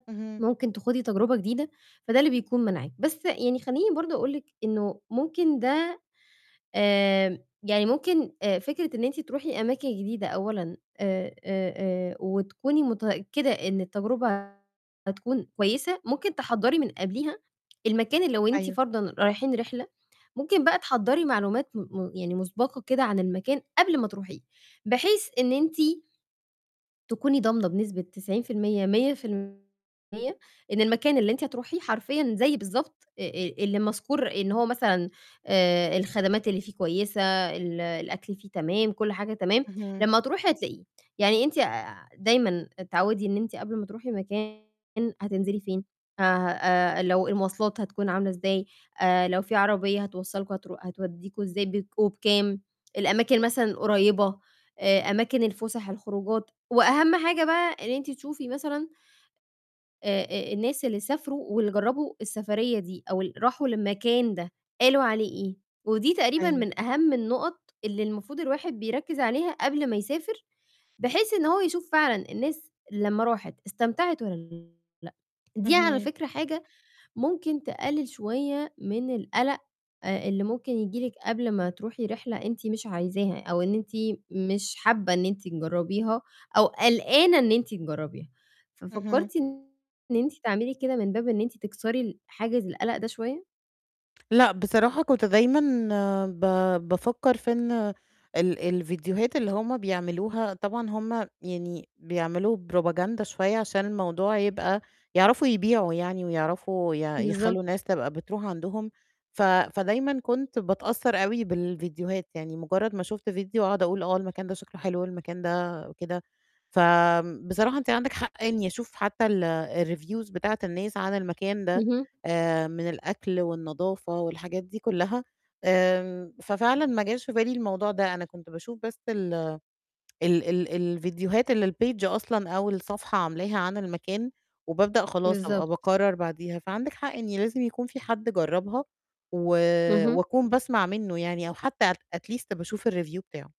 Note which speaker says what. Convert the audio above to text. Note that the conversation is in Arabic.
Speaker 1: اهم.
Speaker 2: ممكن تخوضي تجربة جديدة، فده اللي بيكون مانعِك. بس يعني خلّيني برضه أقول لِك إنه ممكن ده آمم، يعني ممكن آآ، فكرة إن أنتِ تروحي أماكن جديدة أولًا آآ آآ آآ، وتكوني متأكدة إن التجربة هتكون كويسة، ممكن تحضّري من قَبليها المكان لو أنتِ
Speaker 1: أيوه.
Speaker 2: فَرضًا رايحين رحلة، ممكن بقى تحضّري معلومات م م يعني مُسبَقة كده عن المكان قبل ما تروحيه، بحيث إن أنتِ تكوني ضامنة بنسبة 90%، 100% إن المكان اللي أنتِ هتروحيه حرفيًا زي بالضبط أ أ اللي مَذكور إن هو مثلًا آآ، الخدمات اللي فيه كويسة، ال الأكل فيه تمام، كل حاجة تمام،
Speaker 1: اهم.
Speaker 2: لمّا هتروحي هتلاقيه. يعني أنتِ آآ ع دايمًا اتعوّدي إن أنتِ قبل ما تروحي مكان، هتنزِلي فين ه ه آآ لو المواصلات هتكون عاملة إزاي آآ لو في عربية هتوصّلكم هترو هتودّيكم إزاي، بيتكم وبكام؟ الأماكن مثلًا القريّبة، آآ، أماكن الفسح، الخروجات وأهَم حاجة بقى إن أنتِ تشوفي مثلًا أ أ الناس اللي سافروا واللي جرَّبوا السفريّة دي أو اللي راحوا للمكان ده قالوا عليه إيه؟ ودي تقريبًا
Speaker 1: أيوه.
Speaker 2: من أهَم النقط اللي المفروض الواحد بيركّز عليها قبل ما يسافر، بحيث إن هو يشوف فعلًا الناس لمّا راحت استمتعت والّا لأ. دي على
Speaker 1: اهم.
Speaker 2: فكرة حاجة ممكن تقلِّل شوية من القَلق آآ اللي ممكن ييجي لِك قبل ما تروحي رِحلة أنتِ مش عايزاها أو إن أنتِ مش حابّة إن أنتِ تجرَّبيها أو قَلقانة إن أنتِ تجرَّبيها.
Speaker 1: اهم.
Speaker 2: ففكرتِ إن أنتِ تعملي كده من باب إن أنتِ تكسري ال حاجز القَلق ده شوية؟
Speaker 1: لأ، بصراحة كنت دايمًا ب بافكّر في إن ال الفيديوهات اللي هُم بيعملوها طبعًا هُم يعني بيعملوا propaganda شوية عشان الموضوع يبقى يعرفوا يبيعوا يعني ويعرفوا يع
Speaker 2: بالضبط.
Speaker 1: يخلّوا الناس تبقى بتروح عندهم. ف فدايمًا كنت باتأثّر أوي بالفيديوهات يعني مُجرّد ما شُفت فيديو أقعُد أقول آه المكان ده شكله حلو والمكان ده وكده. فآمم بصراحة أنتِ عندِك حق يعني أشوف حتى ال الreviews بتاعة الناس عن المكان ده
Speaker 2: اهم.
Speaker 1: آآ، من الأكل والنضافة والحاجات دي كلّها. آمم، ففعلًا ما جاش في بالي الموضوع ده، أنا كنت باشوف بس ال ال ال الفيديوهات اللي الpage أصلًا أو الصفحة عاملاها عن المكان وبابدأ خلاص أبقى
Speaker 2: بالضبط.
Speaker 1: باقرَر بعديها. فعندِك حق إن لازم يكون فيه حد جرَّبها، و
Speaker 2: اهم.
Speaker 1: وأكون باسمَع منُّه يعني أو حتى ات at least باشوف الreview بتاعه.